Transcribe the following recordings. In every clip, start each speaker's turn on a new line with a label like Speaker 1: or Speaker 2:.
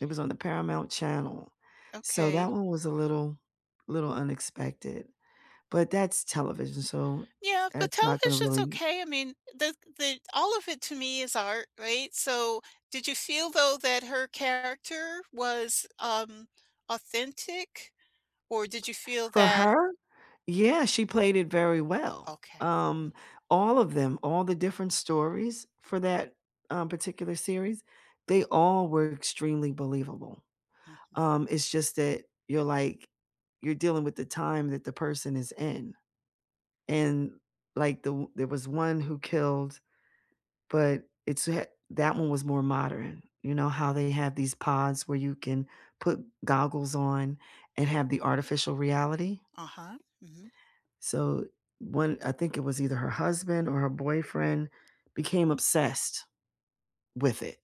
Speaker 1: It was on the Paramount Channel, so that
Speaker 2: Okay.
Speaker 1: one was a little little unexpected. But that's television, so
Speaker 2: Yeah, but
Speaker 1: that's not gonna
Speaker 2: television's
Speaker 1: really m
Speaker 2: okay, I mean, the the all of it, to me, is art, right? So, did you feel, though, that her character was, um, authentic? Or did you feel
Speaker 1: For
Speaker 2: that
Speaker 1: her? Yeah, she played it very well.
Speaker 2: Okay.
Speaker 1: Um, all of them, all the different stories for that, um, particular series, they all were extremely believable.
Speaker 2: Mhm.
Speaker 1: Um, it's just that you're, like you're dealing with the time that the person is in, and like, the o there was one who killed but it's a ha that one was more modern. You know how they have these pods where you can put goggles on and have the artificial reality?
Speaker 2: Uh-huh, mhm.
Speaker 1: So, one I think it was either her husband or her boyfriend became obsessed with it,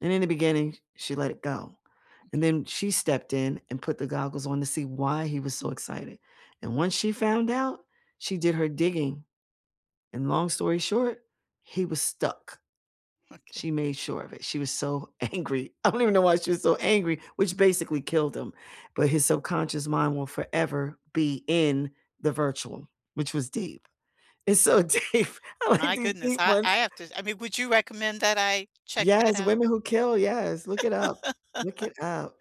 Speaker 1: and in the beginning, sh she let it go, and
Speaker 2: M'kay.
Speaker 1: then she stepped in and put the goggles on to see why he was so excited, and once she found out, she did her digging and long story short, he was stuck.
Speaker 2: Okay.
Speaker 1: She made sure of it, she was so angry I don't even know why she was so angry, which basically killed him, but his subconscious mind will forever be in the virtual, which was deep. It's so deep. I like
Speaker 2: My
Speaker 1: these
Speaker 2: goodness.
Speaker 1: deep
Speaker 2: I
Speaker 1: ones
Speaker 2: I have to I mean, would you recommend that I check that
Speaker 1: Yes,
Speaker 2: out?
Speaker 1: Women Who Kill, yes, look it up. Look it up.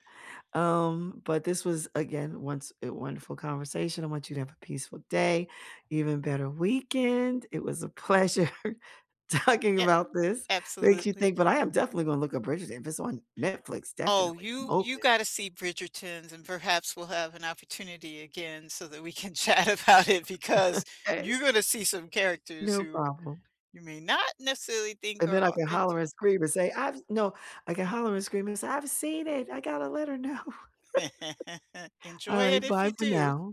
Speaker 1: Um, but this was, again, once, a wonderful conversation. I want you to have a peaceful day, even better weekend. It was a pleasure talking
Speaker 2: Yeah.
Speaker 1: about this. Makes you
Speaker 2: Absolutely.
Speaker 1: think, but I am definitely gonna look up Bridgerton if it's on Netflix,
Speaker 2: Oh,
Speaker 1: definitely. I'm
Speaker 2: you you
Speaker 1: open.
Speaker 2: gotta see Bridgertons, and perhaps we'll have an opportunity again so that we can chat about it, because
Speaker 1: 'Kay.
Speaker 2: you're gonna see some characters
Speaker 1: No
Speaker 2: who
Speaker 1: problem.
Speaker 2: you may not necessarily think
Speaker 1: And then
Speaker 2: are
Speaker 1: I can holler,
Speaker 2: authentic.
Speaker 1: and scream, and say, "I've" no, I can holler, and scream, and say, "I've seen it, I gotta let her know." All
Speaker 2: Enjoy it
Speaker 1: right,
Speaker 2: if
Speaker 1: bye
Speaker 2: you
Speaker 1: for
Speaker 2: do.
Speaker 1: now.